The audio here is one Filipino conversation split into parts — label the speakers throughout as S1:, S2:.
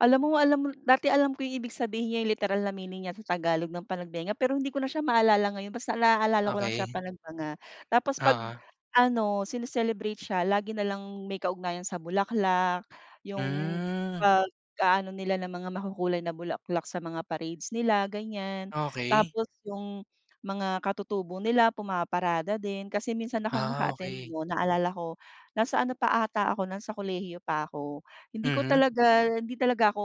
S1: Alam mo, alam mo dati alam ko yung ibig sabihin niyang literal na meaning niya sa Tagalog ng Panagbenga pero hindi ko na siya maalala ngayon basta naalala ko lang siya
S2: Okey.
S1: Panagbenga. Tapos pag
S2: Oo.
S1: ano sini-celebrate siya lagi nalang may kaugnayan sa bulaklak yung
S2: Hmm.
S1: pag aano nila ng mga makukulay na bulaklak sa mga parades nila, ganyan.
S2: Okey.
S1: Tapos yung, mga katutubo nila pumaparada din, kasi minsan akong
S2: Ah,
S1: naka-attend
S2: okey.
S1: no'n naalala ko nasa ano pa ata ako nasa kolehiyo pa ako hindi ko
S2: Mm.
S1: talaga hindi talaga ako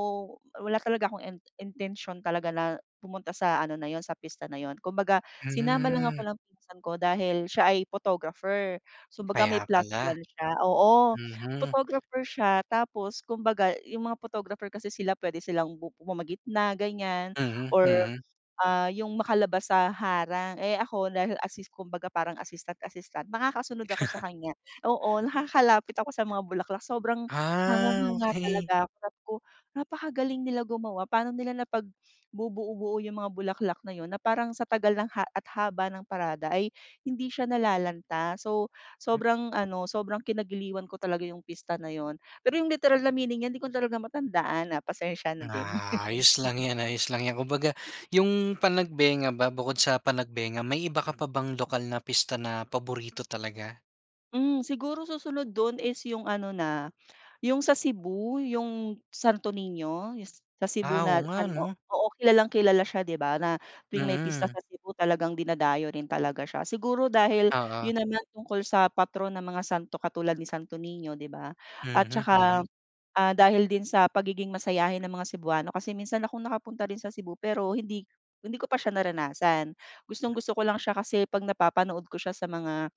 S1: wala talaga akong in intensyon talaga na pumunta sa ano na yun sa pista na yun kumbaga sinama lang
S2: Hmm.
S1: ako ng pinsan ko dahil siya ay photographer so kumbaga may
S2: Kaya
S1: plus
S2: pala,
S1: 1 siya Oo,
S2: mhm.
S1: photographer siya tapos kumbaga yung mga photographer kasi sila puwede silang bu pumagitna ganyan
S2: Mhm,
S1: or
S2: mhm.
S1: ah, yung makalabas sa harang, eh, ako dahil assist kumbaga parang assistant-assistant nakakasunod ako sa kanya, oo nakakalapit ako sa mga bulaklak. Sobrang
S2: Ah,
S1: hangang-hanga
S2: okey.
S1: talaga ko sabi ko, "napakagaling nila gumawa, pa'no nila napag bubuo-buo yung mga bulaklak na yun na parang sa tagal ng ha at haba ng parada ay hindi siya nalalanta." So
S2: Hmm.
S1: sobrang ano, sobrang kinagiliiwan ko talaga yung pista na yun, pero yung literal na meaning yan hindi ko talaga matandaan na pasensya na din.
S2: Ah, ayos lang yan, ayos lang yan kumbaga
S1: Hmm.
S2: yung Panagbenga ba bukod sa Panagbenga may iba ka pa bang lokal na pista na paborito talaga?
S1: Hmm, siguro susunod do'n is yung ano na, yung sa Cebu yung Santo Nino yung sa Cebu
S2: Ah,
S1: na
S2: oo nga
S1: ano
S2: 'no?
S1: oo, kilalang kilala siya 'di ba na tuwing may pista
S2: Mm.
S1: sa Cebu talagang dinadayo rin talaga siya. Siguro dahil
S2: Oo.
S1: yun naman tungkol sa patron ng mga santo katulad ni Santo Nino 'di ba at
S2: Mhm,
S1: saka,
S2: mhm.
S1: ah, dahil din sa pagiging masayahin ng mga Cebuano kasi minsan akong nakapunta rin sa Cebu pero hindi hindi ko pa siya naranasan. Gustong-gusto ko lang siya kasi 'pag napapanood ko siya sa mga,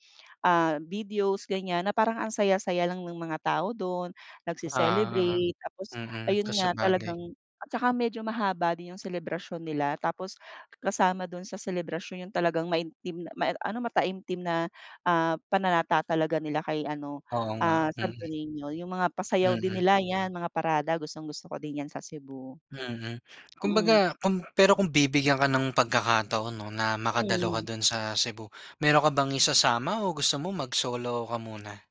S1: ah, videos ganyan na parang ang saya-saya lang ng mga tao do'n nagce
S2: Ah,
S1: celebrate tapos
S2: mm,
S1: ayun
S2: kung
S1: nga
S2: sabagay.
S1: talagang At saka medyo mahaba din yung selebrasyon nila tapos kasama do'n sa selebrasyon yung talagang maintim ma ano mataimtim na, ah, pananata talaga nila kay ano,
S2: Oo nga,
S1: ah, Santo
S2: mm.
S1: Nino yung mga pasayaw din
S2: Mm.
S1: nila yan mga parada gustong-gusto ko din yan sa Cebu.
S2: Mm,
S1: Mm.
S2: kumbaga kung pero kung bibigyan ka ng pagkakataon 'no, na makadalo
S1: Mm.
S2: ka do'n sa Cebu, mayro'n ka bang isasama o gusto mo mag-solo ka muna?